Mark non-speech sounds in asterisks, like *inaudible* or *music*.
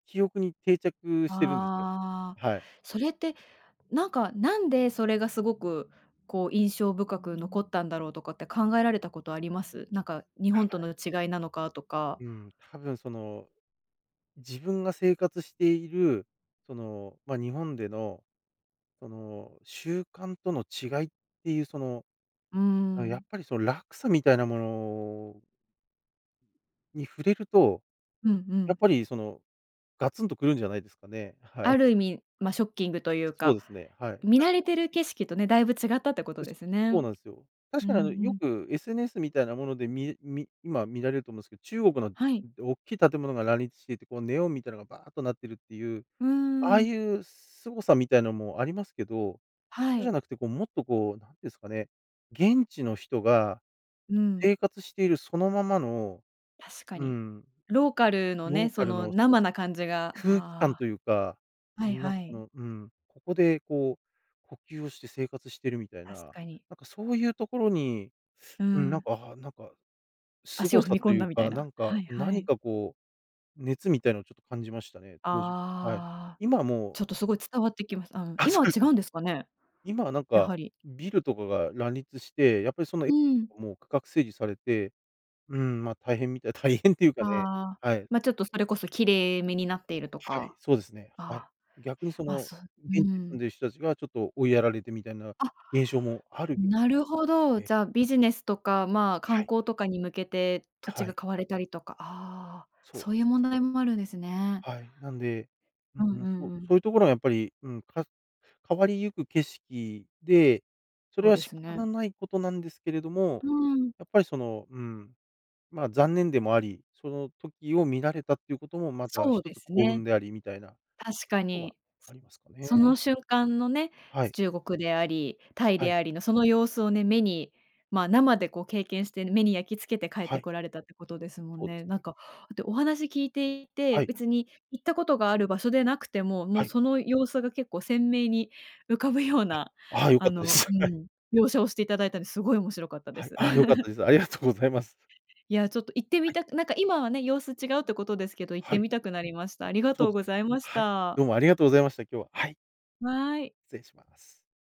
記憶に定着してるんですよ。ああ、はい。それって、なんか、なんでそれがすごく、こう、印象深く残ったんだろうとかって考えられたことあります？なんか日は本とはのい。違いなのかとか。うん、多分その自分が生活している、その、ま、日本でのその習慣との違いっていう、その、うあのやっん。ぱりその落差みたいなものに触れると、うんうやっん。ぱり、その、ガツンと来るんじゃないですかね。はい。ある意味、ま、ショッキングというそうか、ですね。はい。見慣確れかてるに。景色とね、だいぶ違ったってことよでし、すね。そうなんすよ。う確んうかにあの、よん。く SNS みたいなものでみみ今見られると思うんすけど、中国のはい。大きい建物が乱立していて、こうネオンみたいなのがバアっとなってるっていう、うんうんあうあん。いうすごさみたいのもありますけど、はそうじゃい。なくてこうもっとこう、何ですかね、現地の人が、うん。生活しているそのままの、確かうに。んローカルのロね、ーそカルのの、そうで生す、な感じが、空気感あというか、あ、はいなんかはあい。の、うん、ここでこう、呼吸をして生活してるみたいな、確かに。なんかそういうところに、ううん、なんん。か、あ、なんか、す足ごを踏さみと込んいうだみたいか、な。なんか、はいは何い。かこう、熱みたいなのをちょっと感じましたね、当時。はい。ああ。今はもうちょっとすごい伝わってきました。あのあ、今そはうで違す。うんですかね？今はなんやか、はり。ビルとかが乱立して、やっぱりそのえう *unintelligible* ん。も区画整理されて、うん、ま、大変みたい大変っていうかね、ああ。はい。ま、ちょっとそれこそキレイめになっているとはい、か。そうですね。はい。あ、逆にそま、のそう、う現地に住んん。でる人たちがちょっと追いやられてみたいなあ。現象もあるみなるほど。ね。じゃビジネスとか、まあ観はい。光とかに向けて土い、地はがい。買われたりとか、ああ、そうです。そういう問題もあるんですね。はい、なんで、ううんんううん、んそうん。そういうところはやっぱり、うん、か変わりゆく景色で、そそれうはで仕す方ね。のないことなんですけれども、うん。やっぱりその、うん、まあ残念でもあり、その時を見られたっていうこともまたそう一でつす幸ね。運でありみたいな、と確かころはに。あすりますかそのね。瞬間のね、はい。中国であり、タイはでい。ありのその様子をね、目に、ま、生でこう経験して、目に焼きつけて帰っはてい。こられたってことですもんそうでね。すね。なんか、とお話聞いていてはい。別に行ったことがある場所でなくても、もうはい。その様子が結構鮮明に浮かぶようあ、なああ、良あかったでの、うす。はい。ん、描写をしていただいたり、すごい面白かったではい、す。あ、良かった *laughs* です。ありがとうございます。*unintelligible* いや、ちょっと行ってはみい。たくなんか今はね、様子違うってことですけど、行っはてい。みたくなりました。ありがそうとうです。ございましはい、た。どうもありがとうございました、今日は。はい。はい。失礼します。